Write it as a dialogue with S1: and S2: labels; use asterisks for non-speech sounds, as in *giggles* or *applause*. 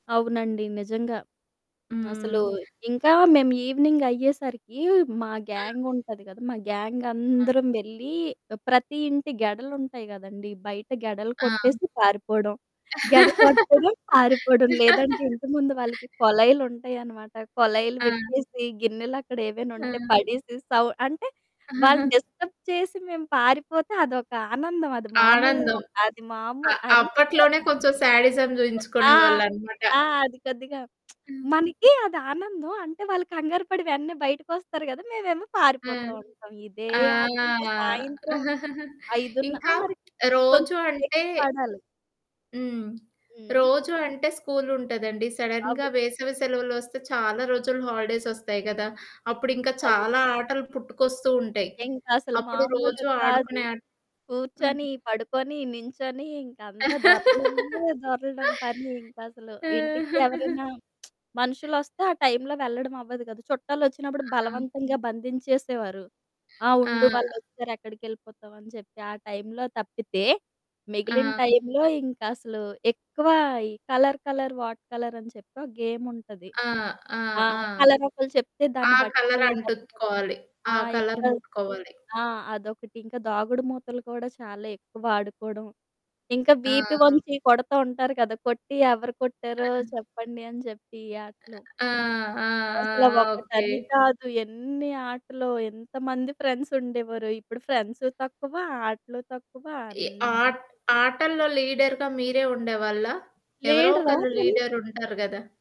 S1: అవునండి. నిజంగా. అసలు
S2: హ్మ్.
S1: ఇంకా మేము ఈవెనింగ్ అయ్యేసరికీ మా
S2: ఆ!
S1: గ్యాంగ్ ఉంటది కదా! మా
S2: ఆ!
S1: గ్యాంగందరం వెళ్లి ఆహ్, ప్రతి ఇంటి గెడలు ఉంటాయి గదండీ! బయట గెడలు
S2: ఆ!
S1: కొట్టేసి పారిపోవడం, గెడ కొట్టడం పారిపోవడం. లేదంటే
S2: *laughs*
S1: ఇంటి ముందు వాళ్ళకి కొలైలు ఉంటాయనమాట. కొలైలు
S2: ఆ!
S1: విప్పేసి గిన్నెలక్కడ ఏవైనా ఉంటే
S2: ఆ!
S1: పడేసి, సౌ అంటే వాళ్ళని
S2: *giggles*
S1: డిస్టర్బ్ చేసి మేము పారిపోతే అదొక ఆనందమది మామూల
S2: ఆనందం.
S1: అది
S2: అ
S1: మామూల్ అంటే *giggles*
S2: అప్పట్లోనే కొంచెం స్యాడిజం
S1: ఆ!
S2: జూయించుకునేవాళ్ళన్నమాట.
S1: ఆ! అది కొద్దిగా
S2: హ్మ్.
S1: *smacks lips* మనకి అదానందం. అంటే వాళ్ళు కంగారు పడి వెంటనే బయటికొస్తారు గదా! మేమేమో పారిపోతూ
S2: హ్మ్.
S1: ఉంటాం. ఇదే
S2: ఆ!
S1: ఆటింక. సాయంత్రం
S2: *giggles*
S1: 5:30 ఆ!
S2: ఇంకా
S1: మరి. కొంచెం
S2: రోజు అంటే
S1: చీకటి పడాలి.
S2: హ్మ్.
S1: హ్మ్.
S2: రోజు అంటే స్కూలుంటదండి.
S1: అవు
S2: సడన్‌గా వేసవి సెలవులొస్తే చాలా రోజులు హాలిడేసొస్తాయి కదా! అప్పుడు ఇంకా
S1: అవును.
S2: చాలా ఆటలు పుట్టుకొస్తూ ఉంటాయి.
S1: ఇంకసలు
S2: అప్పుడు
S1: మామూలు
S2: రోజు
S1: కాదు.
S2: ఆడుకునే ఆ హ్మ్.
S1: కూర్చొని, పడుకొని, నించొని. ఇంక అంతా దొర్లడమే
S2: *laughs*
S1: దొర్లడం పని ఇంకసలు. ఇంటికి ఎవరైనా
S2: *chuckles*
S1: *smacks lips* మనుషులొస్తే ఆ టైంలో వెళ్ళడం అవ్వదు గదా! చుట్టాలు ఒచ్చినప్పుడు
S2: ఆ!
S1: బలవంతంగా బంధించేసేవారు. "ఆ! ఉండు
S2: ఆహ్, ఆ!
S1: వాళ్ళొచ్చారు ఎక్కడికెళ్ళిపోతావు?" అని చెప్పి ఆ టైంలో తప్పితే, మిగిలిన
S2: ఆ!
S1: టైంలో ఇంకసలు ఎక్కువ ఈ కలర్, కలర్ వాట్ కలర్ అని చెప్పి ఒక గేముంటది.
S2: ఆ! ఆ!
S1: ఆ!
S2: ఆ!
S1: కలరొకళ్ళు చెప్తే
S2: ఆ
S1: దాన్ని బట్టి
S2: కలరంటు త్‌
S1: వెతకడం.
S2: కోవాలి. ఆ
S1: ఆ!
S2: కలర్
S1: ఇంకా
S2: ముట్టుకోవాలి.
S1: ఆ! అదొకటి. ఇంకా దాగుడు మూతలు కూడా చాలా ఎక్కువ ఆడుకోవడం, ఇంకా వీప
S2: ఆ!
S1: ఒంచి కొడతా ఉంటారు కదా! కొట్టి ఎవరు కొట్టారో
S2: *unintelligible*
S1: చెప్పండి అని చెప్పి ఈ ఆటలు.
S2: ఆహ్, ఆ! ఆ,
S1: అసల
S2: ఆ! ఓకే.
S1: ఒకటని కాదు ఎన్నీ ఆటలో, ఎంతమంది ఫ్రెండ్సుండేవారో. ఇప్పుడు ఫ్రెండ్సు తక్కువ, ఆటలు తక్కువ
S2: ఎ ఆ
S1: అన్నీ
S2: ఆటల్లో లీడర్‌గా మీరే ఉండేవాళ్ళా? ఎవరో
S1: లీడరా!
S2: ఒకళ్ళు
S1: మేము
S2: లీడర్ ఉంటారు గదా!